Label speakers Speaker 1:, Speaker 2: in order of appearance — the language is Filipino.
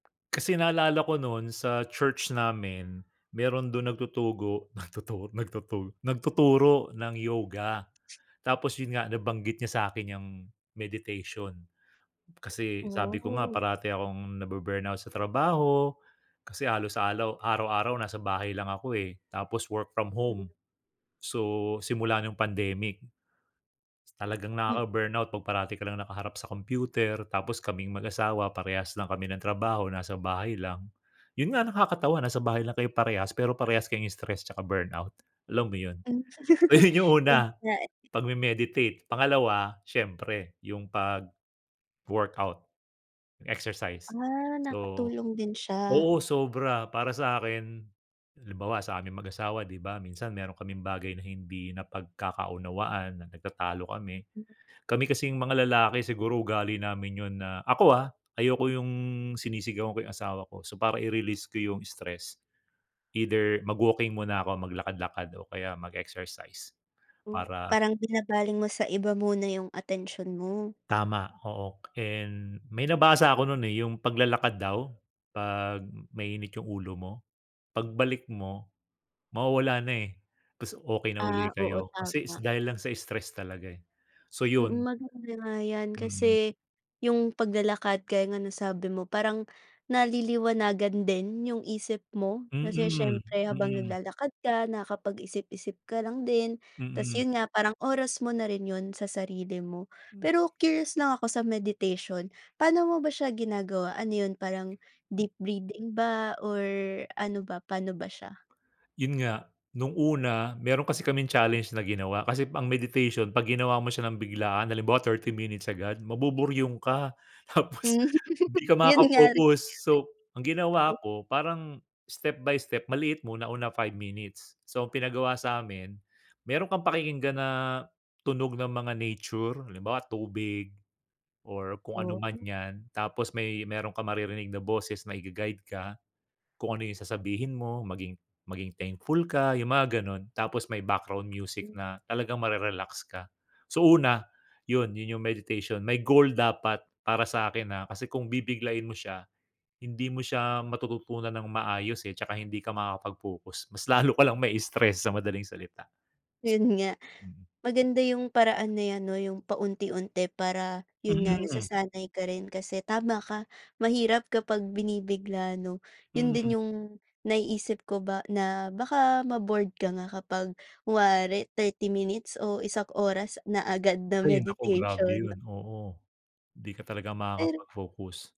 Speaker 1: Kasi naalala ko no'n sa church namin meron do'n nagtutugo nagtutug nagtutur nagtuturo ng yoga. Tapos 'yon nga nabanggit niya sa'kin 'yong meditation. Kasi sabi ko nga
Speaker 2: Oh.
Speaker 1: parati akong nabu-burnout sa trabaho kasi halos alaw araw-araw nasa bahay lang ako eh, tapos work from
Speaker 2: Hmm.
Speaker 1: home, so simula no'ng pandemic. Talagang
Speaker 2: M
Speaker 1: nakaka-burnout 'pag parati ka lang nakaharap sa computer. Tapos kaming mag-asawa parehas lang kami ng trabaho nasa bahay lang. 'Yon nga, nakakatawa nasa bahay lang kayo parehas, pero parehas kay stress tsaka burnout, alam mo 'yon?
Speaker 2: Hmm.
Speaker 1: Ayun 'yong
Speaker 2: 'Yon
Speaker 1: una,
Speaker 2: nga eh.
Speaker 1: pagme-meditate. Pangalawa siyempre 'yong pag-workout, exercise.
Speaker 2: Ah,
Speaker 1: So,
Speaker 2: nakatulong din siya.
Speaker 1: oo, sobra para sa akin, halimbawa sa aming mag-asawa, 'di ba, minsan meron kaming bagay na hindi napagkakaunawaan, na nagtatalo kami.
Speaker 2: M
Speaker 1: Kami kasing mga lalaki siguro ugali namin 'yon na ako, ah, ayoko 'yong sinisigawan ko 'yong asawa ko. So para i-release ko 'yong stress, either mag-walking muna ako, maglakad lakad o kaya mag-exercise
Speaker 2: Hmm.
Speaker 1: para
Speaker 2: Parang binabaling mo sa iba muna 'yong atensyon mo.
Speaker 1: Tama, oo. And may nabasa ako no'n eh, 'yong paglalakad daw 'pag mainit 'yong ulo mo, pagbalik mo, mawawala na eh. 'Tas okey na uli
Speaker 2: Ah, oo,
Speaker 1: kayo kasi is
Speaker 2: tama.
Speaker 1: dahil lang sa stress talaga eh. So
Speaker 2: Mm,
Speaker 1: 'yon.
Speaker 2: maganda nga 'yan
Speaker 1: Mm.
Speaker 2: kasi 'yong paglalakad kaya nga nasabi mo, parang naliliwanagan din 'yong isip mo. Kasi
Speaker 1: Mm,
Speaker 2: siyempre habang
Speaker 1: mm.
Speaker 2: naglalakad ka nakapag-isip-isip ka lang din, 'tas
Speaker 1: Mm.
Speaker 2: 'yon nga parang oras mo na rin 'yon sa sarili mo.
Speaker 1: Hmm.
Speaker 2: Pero curious lang ako sa meditation pa'no mo ba siya ginagawa? Ano 'yon, parang deep breathing ba or ano ba, pa'no ba siya?
Speaker 1: 'Yon nga. No'ng una meron kasi kaming challenge na ginawa. Kasi ang meditation 'pag ginawa mo siya nang biglaan, halimbawa 30 minutes agad, mabuburyong ka. Tapos
Speaker 2: Hmm,
Speaker 1: 'di ka
Speaker 2: 'yon nga rin, mangyari.
Speaker 1: makaka-focus. So ang
Speaker 2: Oh.
Speaker 1: ginawa ko parang step-by-step. Maliit muna, una 5 minutes. So ang pinagawa sa'min, meron kang pakikinggan na tunog ng mga nature, halimbawa tubig or kung ano
Speaker 2: Oo
Speaker 1: man
Speaker 2: nga.
Speaker 1: 'yan, tapos may meron kang maririnig na boses na i-ga-guide ka. Kung ano 'yong sasabihin mo, maging maging thankful ka 'yong mga gano'n. Tapos may background music
Speaker 2: Hmm.
Speaker 1: na talagang mare-relax ka. So una 'yon 'yon 'yong meditation. May goal dapat para sa'kin, ah, kasi kung bibiglain mo siya, hindi mo siya matututunan ng maayos eh. 'Tsaka hindi ka makakapag-focus mas lalo ka lang mai-stress, sa madaling salita.
Speaker 2: 'Yon nga.
Speaker 1: Mm.
Speaker 2: Maganda 'yong paraan na 'yan, 'no, 'yong paunti-unti para, 'yon nga,
Speaker 1: Hmm.
Speaker 2: nasasanay ka rin kasi, tama ka, mahirap kapag binibigla, ano? 'Yon
Speaker 1: Mm.
Speaker 2: din 'yong naiisip ko ba na baka ma-bored ka nga kapag kunwari 30 minutes o isang oras na agad na
Speaker 1: Ay naku, grabe
Speaker 2: meditation,
Speaker 1: 'yon.
Speaker 2: 'no?
Speaker 1: Oo, 'di ka talaga
Speaker 2: Pero
Speaker 1: makakapag-focus.